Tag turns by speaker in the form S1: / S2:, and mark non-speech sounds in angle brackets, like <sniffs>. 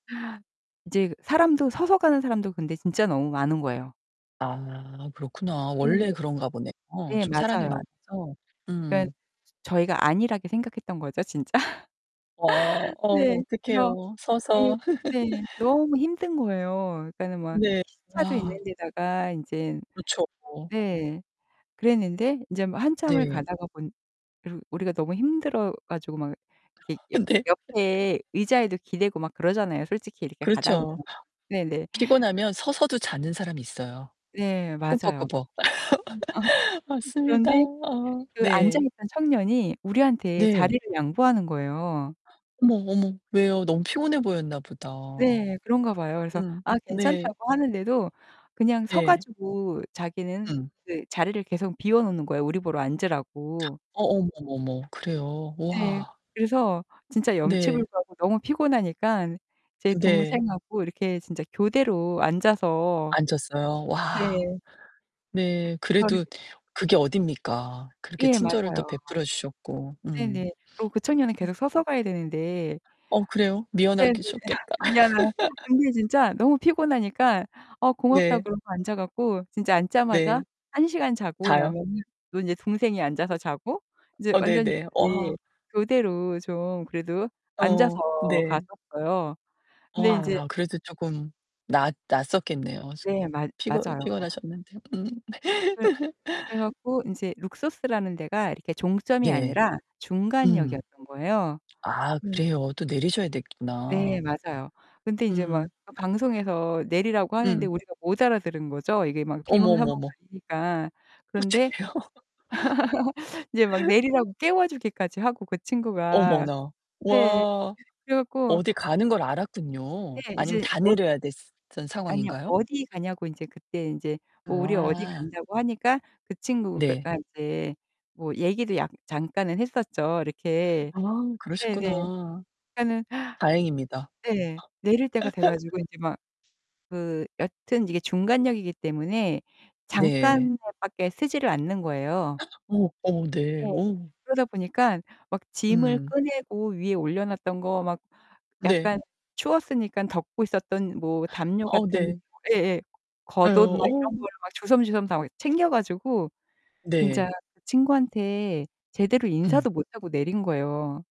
S1: 이제 그 사람도 서서 가는 사람도 근데 진짜 너무 많은 거예요.
S2: 아, 그렇구나. 원래
S1: 예.
S2: 그런가 보네요.
S1: 예,
S2: 좀 사람이
S1: 맞아요.
S2: 많아서.
S1: 그러니까
S2: 음.
S1: 저희가 안일하게 생각했던 거죠, 진짜.
S2: 어. 어,
S1: 네. 그래서
S2: 어떡해요.
S1: 네.
S2: 서서.
S1: 네.
S2: <laughs>
S1: 너무 힘든 거예요. 그러니까는 막
S2: 네,
S1: 시차도
S2: 우와.
S1: 있는 데다가 인제
S2: 그랗죠.
S1: 네. 그랬는데 이제 뭐 한참을
S2: 네.
S1: 가다가 보니 그리고 우리가 너무 힘들어 가지고 막 이렇게
S2: 어,
S1: 옆
S2: 네. <laughs>
S1: 옆에 의자에도 기대고 막 그러잖아요, 솔직히 이렇게 가다 보면.
S2: 그렇죠.
S1: 네네.
S2: 피곤하면 서서도 자는 사람이 있어요.
S1: 예, 맞아요.
S2: 꾸벅꾸벅. <laughs>
S1: <laughs>
S2: 맞습니다.
S1: 그런데
S2: 어,
S1: 그 앉아
S2: 네.
S1: 있던 청년이 우리한테
S2: 네.
S1: 자리를 양보하는 거예요.
S2: 어머, 어머. 왜요? 너무 피곤해 보였나 보다.
S1: 네, 그런가 봐요. 그래서
S2: 음.
S1: 아,
S2: 네.
S1: 괜찮다고 하는데도 그냥 서
S2: 네.
S1: 가지고 자기는
S2: 음.
S1: 그 자리를 계속 비워 놓는 거예요. 우리 보러 앉으라고.
S2: 어, 어머, 어머, 어머, 그래요?
S1: 네.
S2: 우와.
S1: 그래서 진짜
S2: 네.
S1: 염치불고하고 너무 피곤하니까 제
S2: 네.
S1: 동생하고 이렇게 진짜 교대로 앉아서
S2: 앉았어요. 와
S1: 네.
S2: 네,
S1: 저는
S2: 그래도 그게 어딥니까? 그렇게
S1: 예,
S2: 친절을 또
S1: 맞아요.
S2: 베풀어 주셨고. 음.
S1: 네네. 그리고 그 청년은
S2: <sniffs> 음.
S1: 계속 서서 가야 되는데.
S2: 어, 그래요?
S1: 네네.
S2: 미안하게
S1: <laughs>
S2: 셨겠다.
S1: 미안하긴 한데
S2: <laughs>
S1: 근데 진짜 너무 피곤하니까 "아, 고맙다."
S2: 네.
S1: 그러고 앉아 가지고 진짜
S2: 네.
S1: 앉자마자 한 시간 자고
S2: 다요?
S1: 나면은 또 인제 동생이 앉아서 자고 이제
S2: 어
S1: 완전히
S2: 네네. 어 아.
S1: 이렇게 교대로 좀 그래도 앉아서
S2: 어, 네.
S1: 갔었어요.
S2: 어
S1: 근데 인제
S2: 아, 그래도 쪼금 나았 나았었겠네요. 숙
S1: 네, 맞
S2: 피곤
S1: 맞아요.
S2: 피곤하셨는데. 음.
S1: 그래. 그래
S2: <laughs>
S1: 가지고 인제 룩소스라는 데가 이렇게 종점이
S2: 네.
S1: 아니라
S2: 음.
S1: 중간역이었던 거예요.
S2: 아, 그래요. 또 내리셔야
S1: 네.
S2: 됐구나.
S1: 맞아요. 근데 인제 막
S2: 음.
S1: 그 방송에서 내리라고 하는데
S2: 음.
S1: 우리가 못 알아들은 거죠. 이게 막
S2: 어머, 어머, 어머.
S1: 비몽사몽하니까. 그런데
S2: 어떡해요?
S1: <laughs> 이제 막
S2: <laughs>
S1: 내리라고 깨워 주기까지 하고 그 친구가.
S2: 어머나,
S1: 네.
S2: 와.
S1: 그래 가지고.
S2: 어디 가는 걸
S1: 네,
S2: 알았군요. 아니면
S1: 이제.
S2: 다
S1: <unintelligible>
S2: 내려야 됐어 던
S1: 아니요.
S2: 상황인가요?
S1: 어디 가냐고 인제 그때 인제 어, 우리 어디
S2: 아.
S1: 간다고 하니까 그 친구가
S2: 네.
S1: 가 이제 뭐 얘기도 약 잠깐은 했었죠. 이렇게.
S2: 아,
S1: 네네.
S2: 그러셨구나.
S1: 그러니까는
S2: 다행입니다.
S1: 네. 내릴 때가 돼 가지고 인제 막
S2: <laughs>
S1: 그 여튼 이게 중간역이기 때문에
S2: 네.
S1: 잠깐만 밖에 서지를 않는 거예요.
S2: <gasps> 어머, 어머, 네.
S1: 예.
S2: 어우.
S1: 그러다 보니까 막 짐을
S2: 음.
S1: 꺼내고 위에 올려놨던 거 막
S2: 네.
S1: 약간 추웠으니까 덮고 있었던 뭐 담요
S2: 어우,
S1: 같은
S2: 네.
S1: 예예.
S2: 예,
S1: 겉옷 막 이런
S2: 어우.
S1: 거를 막 주섬주섬 다 어 챙겨 가지고 진짜
S2: 네.
S1: 그 친구한테 제대로
S2: 음.
S1: 인사도 못 하고 내린 거예요.